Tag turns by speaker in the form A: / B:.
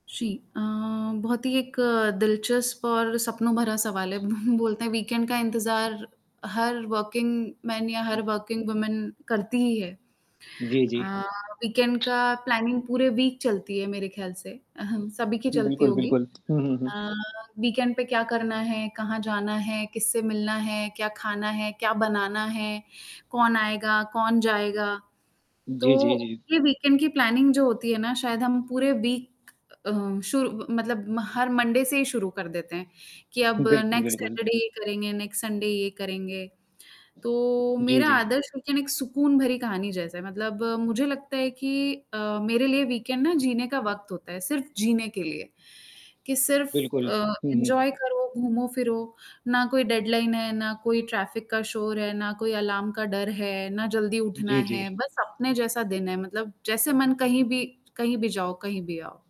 A: जी, अ, बहुत ही एक दिलचस्प और सपनों भरा सवाल है। बोलते हैं वीकेंड का इंतज़ार हर वर्किंग मेन या
B: हुँ।
A: हर वर्किंग वूमेन करती ही है।
B: जी, जी।
A: अ, वीकेंड का प्लानिंग पूरे वीक चलती है मेरे ख्याल से सभी की चलती
B: बिल्कुल,
A: होगी।
B: बिल्कुल। हुँ, हुँ, हुँ।
A: अ, वीकेंड पे क्या करना है? कहाँ जाना है, किससे मिलना है, क्या खाना है, क्या बनाना है, कौन आएगा, कौन जाएगा? तो
B: जी, जी, जी।
A: ये वीकेंड की प्लानिंग जो होती है ना शायद हम पूरे वीक अ, शुरू मतलब हर मंडे से ही शुरू कर देते हैं, कि अब
B: बिल्कुल,
A: नेक्स्ट
B: बिल्कुल।
A: सैटरडे ये करेंगे, नेक्स्ट संडे ये करेंगे। तो
B: जी,
A: मेरा
B: जी।
A: आदर्श वीकेंड एक सुकून भरी कहानी जैसा है, मतलब मुझे लगता है कि अ, मेरे लिए वीकेंड ना जीने का वक़्त होता है, सिर्फ जीने के लिए, कि सिर्फ
B: बिल्कुल।
A: अ,
B: हुँ, हुँ।
A: एंजॉय करो, घूमो-फिरो, ना कोई डेडलाइन है, ना कोई ट्रैफिक का शोर है, ना कोई अलार्म का डर है, ना जल्दी उठना
B: जी,
A: है,
B: जी।
A: बस अपने जैसा दिन है, मतलब जैसे मन कहीं भी कहीं भी जाओ, कहीं भी आओ।